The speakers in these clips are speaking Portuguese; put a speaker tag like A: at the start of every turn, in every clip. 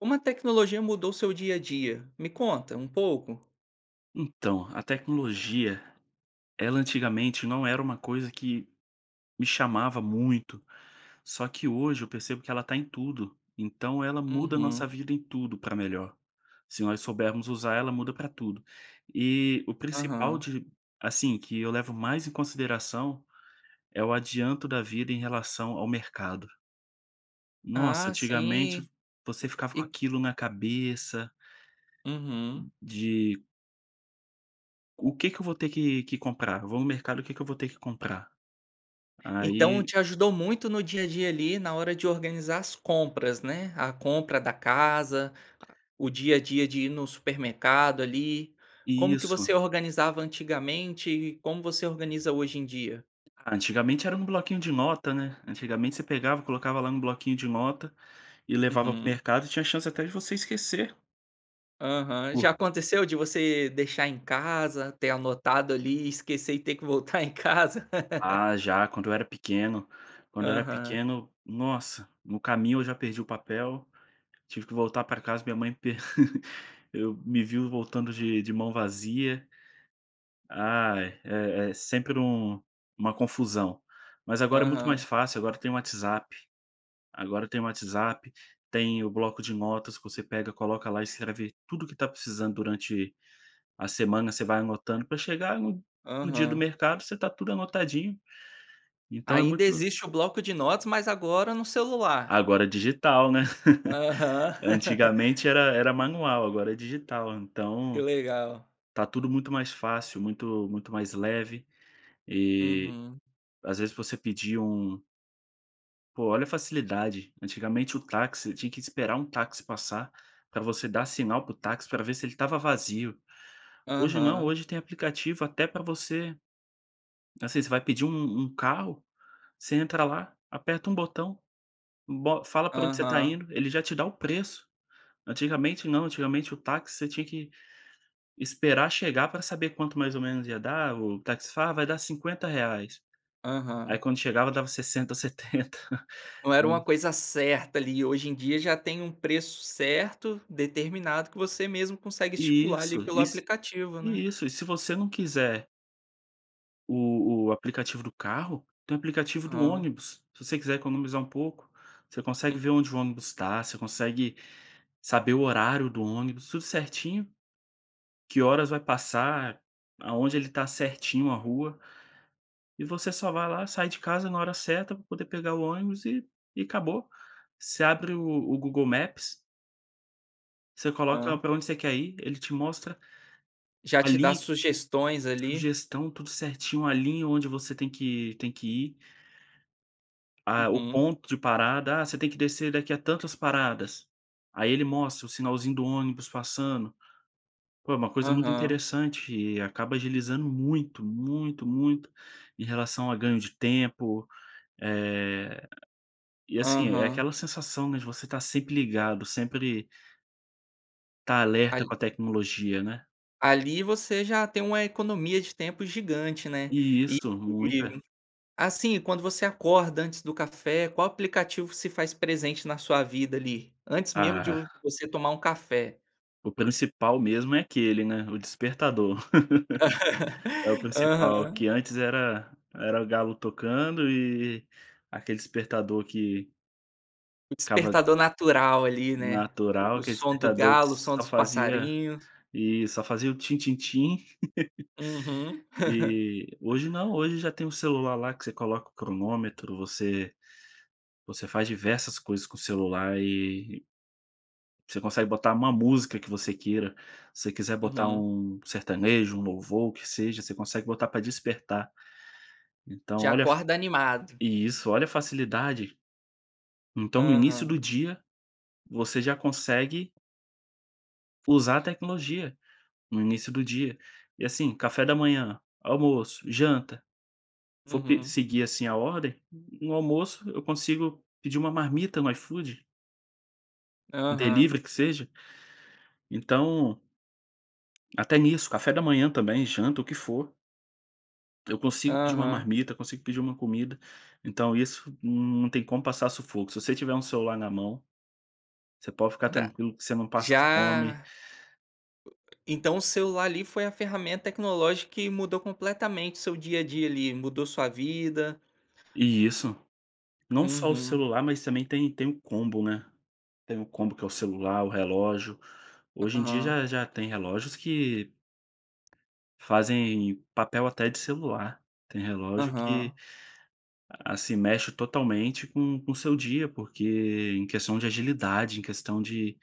A: Como a tecnologia mudou o seu dia a dia? Me conta um pouco?
B: Então, a tecnologia, ela antigamente não era uma coisa que me chamava muito. Só que hoje, eu percebo que ela tá em tudo. Então ela muda a
A: Uhum.
B: nossa vida em tudo, pra melhor. Se nós soubermos usar, ela muda pra tudo. E o principal
A: Aham.
B: de assim, que eu levo mais em consideração, é o adianto da vida em relação ao mercado. Nossa,
A: Ah,
B: antigamente v
A: sim.
B: você ficava com
A: E
B: aquilo na cabeça
A: Uhum.
B: de o que que eu vou ter que que comprar? Eu vou no mercado, o que que eu vou ter que comprar?
A: Então
B: Aí
A: te ajudou muito no dia a dia ali, na hora de organizar as compras, né. A compra da casa, o dia a dia de ir no supermercado, ali. Como que
B: Isso.
A: você organizava antigamente e como você organiza hoje em dia?
B: Ah, antigamente era um bloquinho de nota, né. Antigamente você pegava e colocava lá no bloquinho de nota, e levava para o
A: Uhum.
B: mercado, e tinha a chance até de você esquecer.
A: Aham, já
B: Po
A: aconteceu de você deixar em casa? Ter anotado, ali, esquecer e ter que voltar em casa?
B: Ah, já, quando eu era pequeno quando eu era
A: Aham.
B: pequeno, nossa! No caminho eu já perdi o papel, tive que voltar pra casa, minha mãe per eu me viu voltando de de mão vazia. Ai, é é sempre um uma confusão. Mas agora é muito mais
A: Aham.
B: fácil, agora tem WhatsApp agora tem WhatsApp, tem o bloco de notas que você pega, coloca lá e escreve tudo que tá precisando durante a semana, você vai anotando pra chegar no no dia do
A: Aham.
B: mercado, você tá tudo anotadinho. Então é muito
A: Ainda existe o bloco de notas, mas agora no celular.
B: Agora é digital, né.
A: Aham.
B: Antigamente era era manual, agora é digital,
A: Que
B: então,
A: legal.
B: tá tudo muito mais fácil, muito muito mais leve. E,
A: Uhum.
B: às vezes, você pedia um Pô, olha a facilidade, antigamente o táxi, você tinha que esperar um táxi passar, pra você dar sinal para o táxi, pra ver se ele estava vazio. Hoje não,
A: Aham.
B: hoje tem aplicativo até pra você assim, você vai pedir um um carro, você entra lá, aperta um botão, bo fala pra onde você tá
A: Aham.
B: indo, ele já te dá o preço. Antigamente não, antigamente o táxi, você tinha que esperar chegar pra saber quanto mais ou menos ia dar. O táxi fala: "Vai dar R$ 50." Aí,
A: Aham.
B: quando chegava, dava R$ 60 ou R$ 70,
A: Não era
B: né.
A: uma coisa certa, ali, hoje em dia já tem um preço certo, determinado que você mesmo consegue estipular, ali,
B: Isso!
A: pelo
B: E se
A: aplicativo, né.
B: isso e se você não quiser o o aplicativo do carro, tem o aplicativo do
A: Hã.
B: ônibus, se você quiser economizar um pouco. Você consegue ver
A: Uhum.
B: onde o ônibus tá, você consegue saber o horário do ônibus, tudo certinho, que horas vai passar, aonde ele tá, certinho a rua e você só vai lá, sai de casa na hora certa pra poder pegar o ônibus e e acabou, você abre o o Google Maps Você coloca
A: Hã.
B: pra onde você quer ir, ele te mostra,
A: Já
B: a
A: te dá
B: linha que
A: sugestões ali.
B: sugestão tudo certinho a linha onde você tem que tem que ir ah, o
A: Uhum.
B: ponto de parada, ah, você tem que descer daqui a tantas paradas. Aí ele mostra o sinalzinho do ônibus passando. Pô é uma coisa muito
A: Aham.
B: interessante e acaba agilizando muito muito muito em relação a ganho de tempo. Eh, e assim, é
A: Aham.
B: aquela sensação, né, de você estar sempre ligado, sempre estar alerta
A: Ali
B: com a tecnologia, né?
A: ali você já tem uma economia de tempo gigante, né? E
B: Isso,
A: e
B: muita.
A: assim, quando você acorda antes do café, qual aplicativo se faz presente na sua vida ali? Antes mesmo de
B: Ah.
A: você tomar um café.
B: O principal mesmo é aquele, né? O despertador. É o principal,
A: Aham.
B: que antes era era o galo tocando e aquele despertador que
A: O
B: acaba
A: despertador natural ali, né?
B: natural,
A: O
B: aquele
A: som do
B: despertador que
A: galo o som
B: só
A: dos
B: fazia
A: passarinhos.
B: e só fazia o tim tim tim.
A: Uhum.
B: E hoje não, hoje já tem o celular lá que você coloca o cronômetro, você você faz diversas coisas com o celular e você consegue botar uma música que você queira, se você quiser botar
A: Uhum.
B: um sertanejo, um louvor o que seja, você consegue botar para despertar. Então
A: Já
B: olha a fa
A: acorda animado.
B: isso olha a facilidade. Então no início do
A: Aham.
B: dia, você já consegue usar a tecnologia, no início do dia. E assim, café da manhã, almoço, janta, for pe
A: Uhum.
B: seguir, assim, a ordem, no almoço eu consigo pedir uma marmita no iFood. Um
A: Aham.
B: delivery que seja. Então até nisso, café da manhã também, janta, o que for. Eu consigo pedir uma
A: Aham.
B: marmita, consigo pedir uma comida, então isso não tem como passar sufoco. Se você tiver um celular na mão, você pode ficar
A: Da
B: tranquilo que você não passa fome.
A: já. Então o celular ali foi a ferramenta tecnológica que mudou completamente seu dia a dia ali, mudou sua vida.
B: E isso, não só o
A: Uhum.
B: celular mas também tem tem o combo, né. Tem o combo que é o celular, o relógio. Hoje em dia
A: Aham.
B: já já tem relógios que fazem papel até de celular. Tem relógio
A: Aham.
B: que se assim mexe totalmente com o seu dia, porque em questão de agilidade, em questão de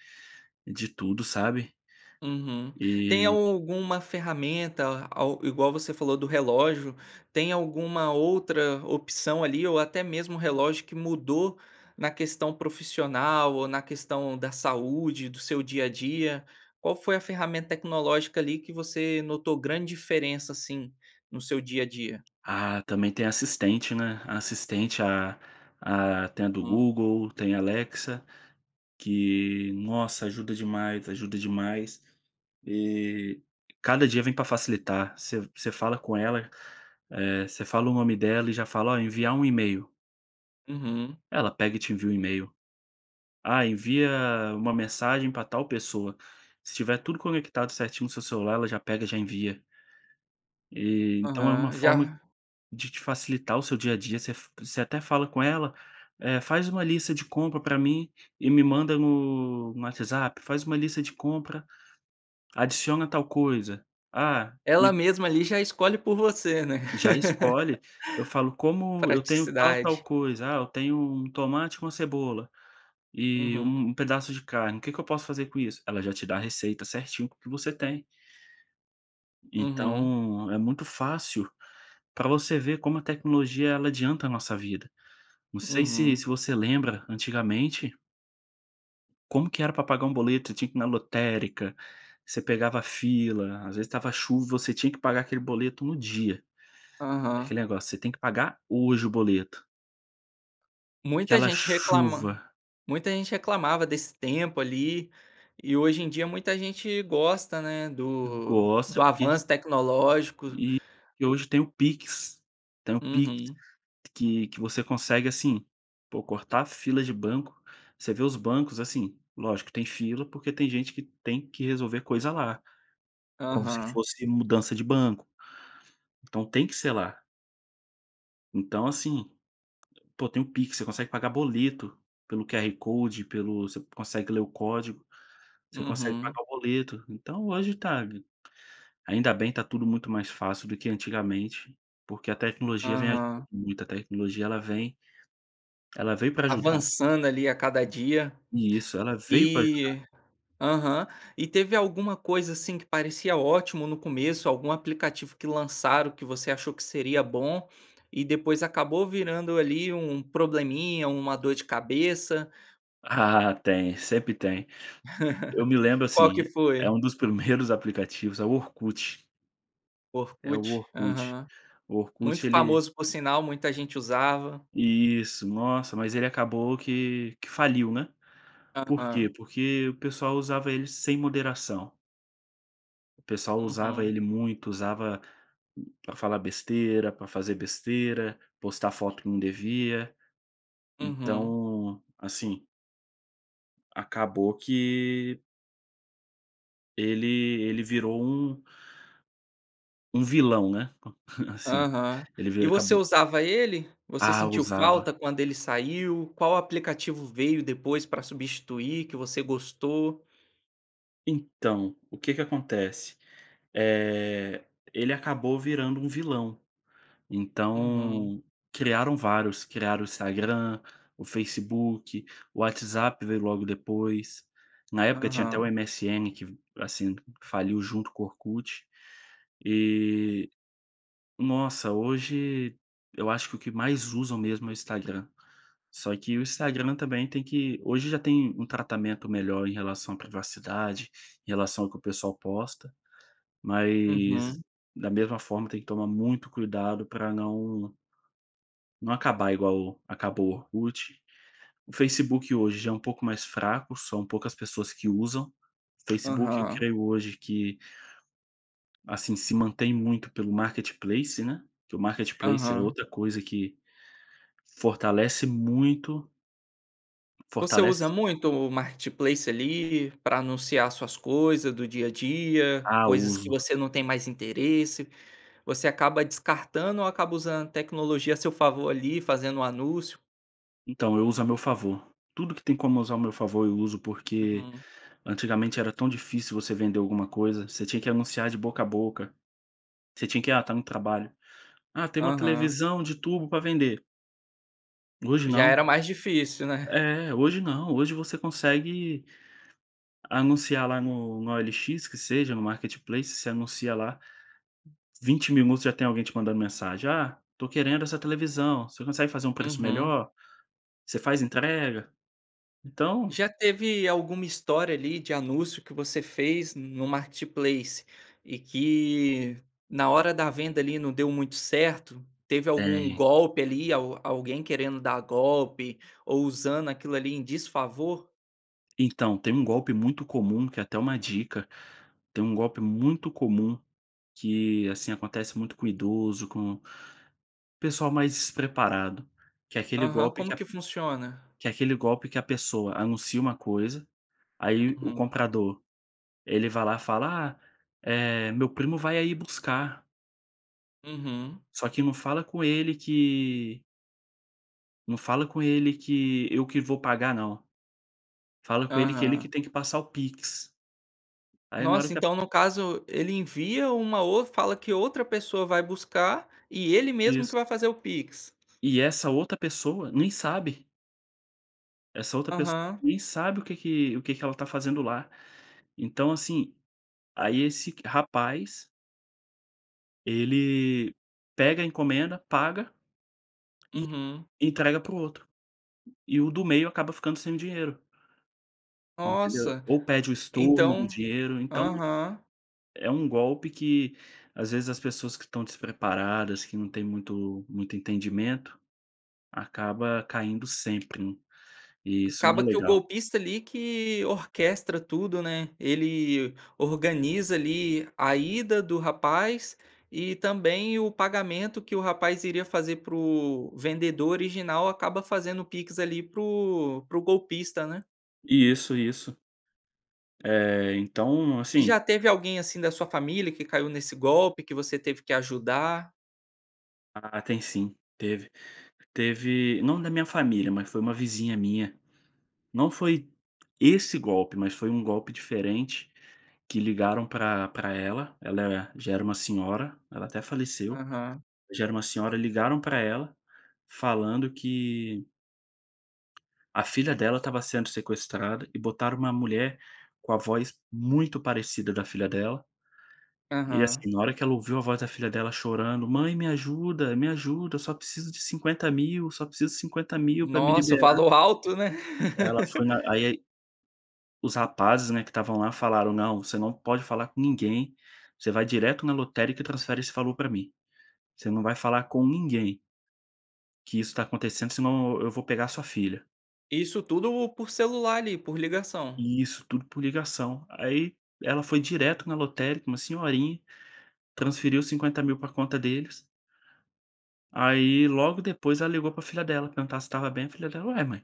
B: de tudo, sabe?
A: Uhum. Tem
B: E.
A: alguma ferramenta a igual você falou do relógio, tem alguma outra opção ali, ou até mesmo relógio que mudou, na questão profissional ou na questão da saúde do seu dia a dia? Qual foi a ferramenta tecnológica ali que você notou grande diferença, assim, no seu dia a dia?
B: Ah, também tem a assistente, né. A assistente a a tem a do
A: Hum.
B: Google, tem a Alexa, que nossa ajuda demais, ajuda demais. E cada dia vem para facilitar. Você você fala com ela, eh, você fala o nome dela e já fala: "Olha enviar um email."
A: Uhum.
B: Ela pega e te envia um email. Ah, envia uma mensagem para tal pessoa se tiver tudo conectado certinho no seu celular ela já pega e já envia. E então é uma
A: Aham, e
B: forma
A: já
B: de te facilitar o seu dia a dia, você você até fala com ela, eh, "Faz uma lista de compra pra mim e me manda no no WhatsApp, faz uma lista de compra, adiciona tal coisa. Ah,
A: Ela
B: me"
A: mesma ali já escolhe por você, né?
B: Já escolhe, eu falo: "Como eu tenho tal tal
A: Praticidade.
B: coisa, ah, eu tenho um tomate com uma cebola, e
A: Uhum.
B: um pedaço de carne. O que que eu posso fazer com isso?" Ela já te dá a receita certinho com o que você tem.
A: Uhum.
B: Então, é muito fácil pra você ver como a tecnologia ela adianta a nossa vida. Não sei se se
A: Uhum.
B: você lembra, antigamente como que era pra pagar um boleto, você tinha que ir na lotérica, você pegava fila, às vezes estava chuva e você tinha que pagar aquele boleto no dia. É
A: Aham.
B: aquele negócio, você tem que pagar hoje o boleto.
A: Muita
B: Aquela
A: gente reclama
B: chuva.
A: muita gente reclamava desse tempo ali, e hoje em dia muita gente gosta, né, do
B: Gosta
A: do
B: porque
A: avanço tecnológico.
B: E e hoje tem o PIX, tem o PIX,
A: Uhum.
B: que que você consegue, assim, pô cortar fila de banco, você vê os bancos, assim, lógico que tem fila porque tem gente que tem que resolver coisa lá, como se
A: Aham.
B: fosse mudança de banco. Então tem que ser lá. Então assim, pô tem o PIX, você consegue pagar boleto, pelo QR Code, pelo você consegue ler o código, você consegue
A: Uhum.
B: pagar o boleto, então hoje tá ainda bem tá tudo muito mais fácil do que antigamente, porque a tecnologia vem ajudando
A: Aham.
B: muito, a tecnologia ela vem ela veio pra ajudar.
A: Avançando ali a cada dia,
B: Isso, ela veio pra ajudar.
A: e, aham. E teve alguma coisa assim que parecia ótimo no começo, algum aplicativo que lançaram que você achou que seria bom e depois acabou virando ali um probleminha, uma dor de cabeça?
B: Tem, sempre tem. Eu me lembro,
A: Qual que
B: assim, eh,
A: foi?
B: um dos primeiros aplicativos, é o Orkut. É o
A: Orkut,
B: Orkut,
A: aham.
B: o Orkut
A: Muito
B: ele
A: famoso por sinal, muita gente usava.
B: Isso, nossa, mas ele acabou que que faliu, né. Por quê?
A: Aham.
B: Porque o pessoal usava ele sem moderação. O pessoal usava
A: Uhum.
B: ele muito, usava pra falar besteira, pra fazer besteira, postar foto que não devia.
A: Uhum
B: Então, assim acabou que ele ele virou um um vilão, né. Assim,
A: Aham,
B: ele
A: e
B: virou,
A: você
B: acabou
A: usava ele? Você
B: Ah,
A: sentiu falta
B: usava.
A: quando ele saiu? Qual aplicativo veio depois para substituir que você gostou?
B: Então, o que que acontece, eh, ele acabou virando um vilão.
A: Uhum.
B: Então criaram vários, criaram o Instagram, o Facebook, o WhatsApp veio logo depois. Na época tinha até o
A: Aham.
B: MSN que v assim, faliu junto com Orkut, e nossa, hoje, eu acho que o que mais usam mesmo é o Instagram. Só que o Instagram também tem que hoje já tem um tratamento melhor em relação à privacidade, em relação ao que o pessoal posta, mas,
A: Uhum.
B: da mesma forma tem que tomar muito cuidado pra não não acabar igual acabou o Orkut. O Facebook hoje já é um pouco mais fraco, são poucas pessoas que usam. Facebook eu
A: Aham.
B: creio hoje que assim se mantém muito pelo Marketplace, né, porque o Marketplace é
A: Aham.
B: outra coisa que fortalece muito
A: Você usa
B: Fortalece
A: muito o Marketplace ali pra anunciar suas coisa do dia a dia,
B: Ah,
A: coisas que
B: uso.
A: você não tem mais interesse, você acaba descartando ou acaba usando a tecnologia a seu favor ali fazendo um anúncio?
B: Então eu uso ao meu favor. Tudo que tem como usar ao meu favor eu uso, porque
A: Uhum.
B: antigamente era tão difícil você vender alguma coisa, você tinha que anunciar de boca a boca, você tinha que, ah, tá no trabalho, ah, tem uma
A: Aham.
B: televisão de turbo para vender. Hoje
A: Já
B: não.
A: era mais difícil, né?
B: É, hoje não, hoje você consegue anunciar lá no na OLX, que seja, no marketplace, você anuncia lá 20 minutos já tem alguém te mandando mensagem: "Ah, tô querendo essa televisão, você consegue fazer um preço
A: Uhum.
B: melhor? Você faz entrega?" Então.
A: Já teve alguma história ali de anúncio que você fez no Marketplace, e que, na hora da venda ali não deu muito certo, teve algum
B: Tem.
A: golpe ali al alguém querendo dar golpe, ou usando aquilo ali em desfavor?
B: Então, tem um golpe muito comum, que é até uma dica, tem um golpe muito comum, que assim, acontece muito com idoso, com pessoal mais despreparado, que é aquele
A: Aham,
B: golpe
A: como
B: que a
A: que funciona?
B: que é aquele golpe que a pessoa anuncia uma coisa, aí o
A: Uhum.
B: comprador, ele vai lá fala: "Ah, eh, meu primo vai aí buscar."
A: Uhum.
B: Só que não fala com ele que não fala com ele que eu que vou pagar não, fala com ele, que ele
A: Aham.
B: que tem que passar o PIX. Aí na hora
A: Nossa,
B: que a
A: então no caso, ele envia uma ou fala que uma outra pessoa vai buscar, e ele mesmo que
B: Isso.
A: vai fazer o PIX.
B: E essa outra pessoa nem sabe Essa outra pessoa
A: Aham.
B: nem sabe, o que que o que que ela está fazendo lá, então assim, aí esse rapaz ele pega a encomenda, paga, e
A: Uhum.
B: entrega para o outro. E o do meio acaba ficando sem o dinheiro. Entendeu?
A: Nossa,
B: Ou pede o estorno do
A: então
B: dinheiro então,
A: Aham.
B: é um golpe que, às vezes, as pessoas que estão despreparadas, que não têm muito muito entendimento, acaba caindo sempre. E isso não
A: Acaba
B: é
A: que o
B: legal.
A: golpista ali que orquestra tudo, né. Ele organiza ali a ida do rapaz, e também o pagamento que o rapaz iria fazer para o vendedor original acaba fazendo o PIX ali para o para o golpista, né.
B: Isso, isso. É, então
A: E
B: assim
A: já teve alguém assim da sua família que caiu nesse golpe, que você teve que ajudar?
B: Ah, tem sim, teve. Teve não da minha família, mas foi uma vizinha minha. Não foi esse golpe, mas foi um golpe diferente, que ligaram pra pra ela, ela, eh, já era uma senhora, ela até faleceu,
A: Aham.
B: já era uma senhora, ligaram pra ela, falando que a filha dela estava sendo sequestrada, e botaram uma mulher com a voz muito parecida da filha dela e,
A: Aham.
B: assim, na hora que ela ouviu a voz da filha dela chorando, "Mãe me ajuda, me ajuda, eu só preciso de R$50.000, eu só preciso de R$50.000 pra me
A: Nossa, o
B: liberar".
A: valor alto né?
B: Ela foi na aí os rapazes, né, que estavam lá falaram: "Não. Você não pode falar com ninguém. Você vai direto na lotérica e transfere esse valor pra mim. Você não vai falar com ninguém" que isso está acontecendo senão eu vou pegar a sua filha.
A: Isso tudo por celular ali, por ligação?
B: E isso tudo por ligação. Aí, ela foi direto na lotérica, uma senhorinha, transferiu R$50.000 pra conta deles aí, logo depois, ela ligou pra filha dela, perguntar se estava bem, a filha dela: "Ué, mãe"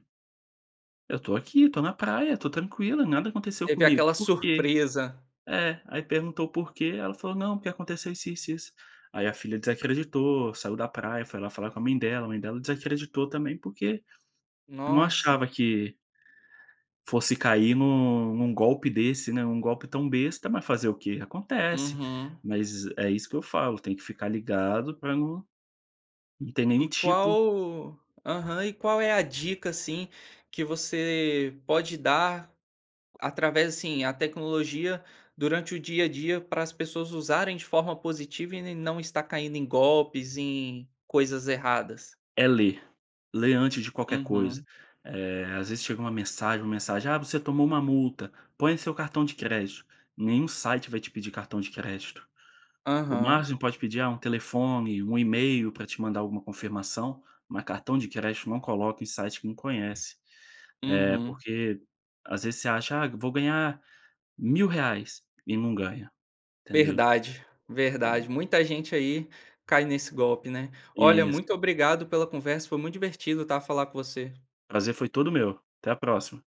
B: "eu tô aqui, tô na praia, tô tranquila, nada aconteceu
A: Teve
B: comigo,
A: aquela
B: por quê?".
A: surpresa.
B: É. Aí perguntou o porquê, ela falou não, porque aconteceu isso, isso, isso, aí a filha desacreditou, saiu da praia, foi lá falar com a mãe dela, a mãe dela desacreditou também, porque não
A: Nossa.
B: achava que fosse cair em um em um golpe desse, né. Um golpe tão besta, mas fazer o quê? Acontece.
A: Uhum.
B: Mas é isso que eu falo, tem que ficar ligado pra não, não ter nenhum
A: E
B: tipo
A: qual aham, e qual é a dica, assim, que você pode dar, através assim, a tecnologia durante o dia a dia pra as pessoas usarem de forma positiva e ne não estar caindo em golpes, em coisas erradas?
B: É ler, ler antes de qualquer coisa.
A: Uhum.
B: Eh, às vezes chega uma mensagem uma mensagem: "Ah, você tomou uma multa, põe o seu cartão de crédito", nenhum site vai te pedir cartão de crédito. O
A: Aham.
B: máximo que pode pedir, ah, um telefone, um email pra te mandar alguma confirmação, mas cartão de crédito não coloca em site que não conhece, eh,
A: Uhum.
B: porque às vezes você acha "Ah eu vou ganhar R$1.000 reais" e não ganha, entendeu?
A: Verdade, verdade.
B: É.
A: Muita gente aí cai nesse golpe, né. Olha,
B: Isso.
A: muito obrigado pela conversa, foi muito divertido, tá, falar com você.
B: Prazer foi todo meu, até a próxima.